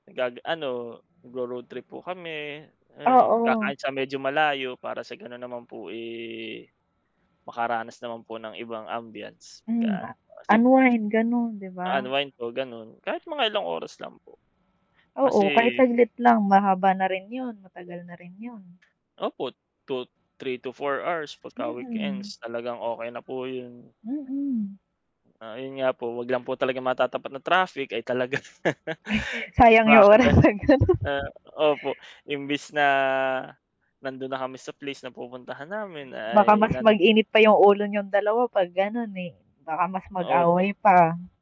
Nag-ag ano, nagro-road trip po kami, ayun. Oo. Kakain sa medyo malayo para sa gano'n naman po, eh, makaranas naman po ng ibang ambiance. Hmm Ga nga. ano po, kasi po Unwind, gano'n, 'di ba? u-unwind po, gano'n. Kahit mga ilang oras lang po. Oo, kahit Kasi saglit lang, mahaba na rin 'yon. Matagal na rin 'yon. Opo, 2 3 to 4 hours 'pagka Mm. weekends. Talagang okey na po 'yon. Mm. Ah, ayun nga po. Huwag lang po talaga matatapat na traffic, ay, talaga. Ay, sayang 'yong Baka oras, da 'pag gano'n. ah, opo. Imbis na nando'n na kami sa place na pupuntahan namin Baka ay mas nan mag-init pa 'yong ulo niyong dalawa 'pag gano'n, eh. Baka mas Opo. mag-away pa.